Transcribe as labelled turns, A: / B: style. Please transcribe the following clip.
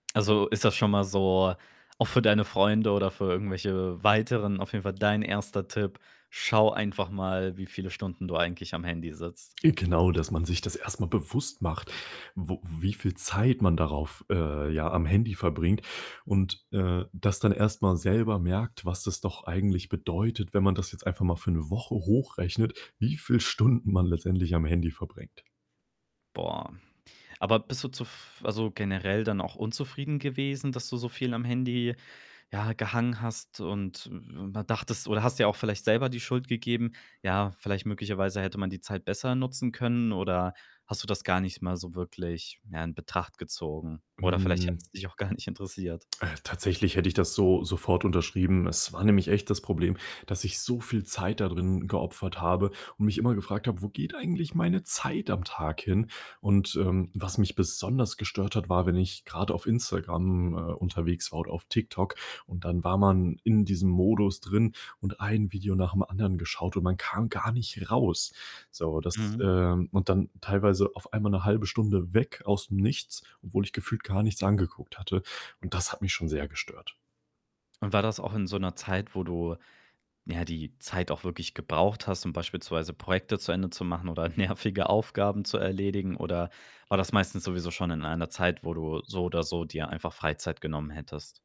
A: Also, ist das schon mal so auch für deine Freunde oder für irgendwelche weiteren auf jeden Fall dein 1. Tipp: „Schau einfach mal, wie viele Stunden du eigentlich am Handy sitzt.“
B: Äh, genau, dass man sich das erst mal bewusst macht, wo wie viel Zeit man darauf, äh ja, am Handy verbringt und, äh, das dann erst mal selber merkt, was das doch eigentlich bedeutet, wenn man das jetzt einfach mal für 1 Woche hochrechnet, wie viel Stunden man letztendlich am Handy verbringt.
A: Boah. Aber bist du zuf also, generell dann auch unzufrieden gewesen, dass du so viel am Handy, ja, gehangen hast und w mal dachtest oder hast dir auch vielleicht selber die Schuld gegeben: „Ja, vielleicht möglicherweise hätte man die Zeit besser nutzen können.“ oder hast du das gar nicht mal so wirklich, ja, in Betracht gezogen? Oder vielleicht
B: Hm.
A: hat's dich auch gar nicht interessiert.
B: Äh, tatsächlich hätte ich das so sofort unterschrieben. Es war nämlich echt das Problem, dass ich so viel Zeit dadrin geopfert habe und mich immer gefragt habe: „Wo geht eigentlich meine Zeit am Tag hin?“ Und, ähm, was mich besonders gestört hat, war, wenn ich grad auf Instagram, äh, unterwegs war und auf TikTok und dann war man in diesem Modus drin und ein Video nach dem anderen geschaut und man kam gar nicht raus. So, das,
A: Mhm.
B: ähm und dann teilweise auf einmal 'ne 1/2 Stunde weg aus'm Nichts, obwohl ich gefühlt gar nichts angeguckt hatte und das hat mich schon sehr gestört.
A: Und war das auch in so 'ner Zeit, wo du ja, die Zeit auch wirklich gebraucht hast, um beispielsweise Projekte zu Ende zu machen oder nervige Aufgaben zu erledigen? Oder war das meistens sowieso schon in einer Zeit, wo du so oder so dir einfach Freizeit genommen hättest?